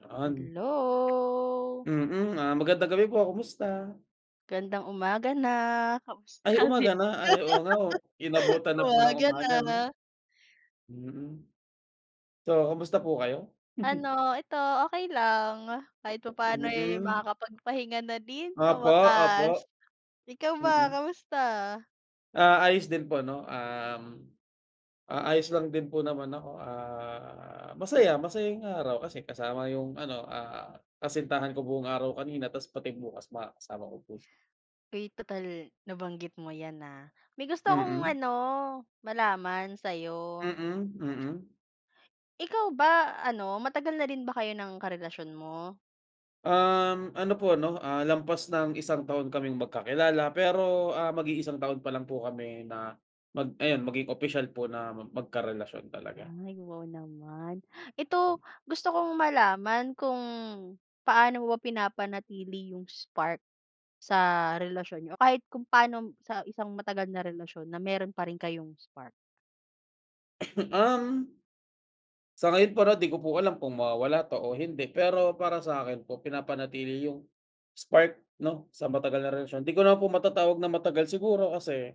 'Yan. Hello. Mm. Ah, magandang gabi po, kumusta? Gandang umaga na. Kumusta Ay, ka umaga na? Ay, oo nga o rin? inabutan na po ng Umaga umaga, 'no. na. Mm. So, kumusta po kayo? Ano, ito okey lang. Kahit papaano eh, Mm. makakapagpahinga na din sa Opo, wakas. opo. Ikaw ba, Mm. kamusta? Ah, ayos din po, 'no, um, ah, ayos lang din po naman ako, ah, masaya masaya yung araw kasi kasama yung ano, ah, kasintahan ko buong araw kanina tapos pati bukas makakasama ko po siya. Eh, total nabanggit mo yan, ah, may gusto akong Mm. ano, malaman sa'yo. Mm. Mm. Ikaw ba ano, matagal na rin ba kayo ng karelasyon mo? Um, ano po ano, ah, lampas ng isang taon kaming magkakilala, pero, ah, mag-iisang taon pa lang po kami na mag ayun maging opisyal po na mag magkarelasyon talaga. Ay wow naman. Ito gusto kong malaman kung paano mo ba pinapanatili yung spark sa relasyon niyo o kahit kung paano mo sa isang matagal na relasyon na meron pa rin kayong spark? Um sa ngayon para di ko po alam kung mawawala pa o hindi. Pero para sa'kin po pinapanatili yung, spark 'no, sa matagal na relasyon. Di ko naman po matatawag na matagal siguro kasi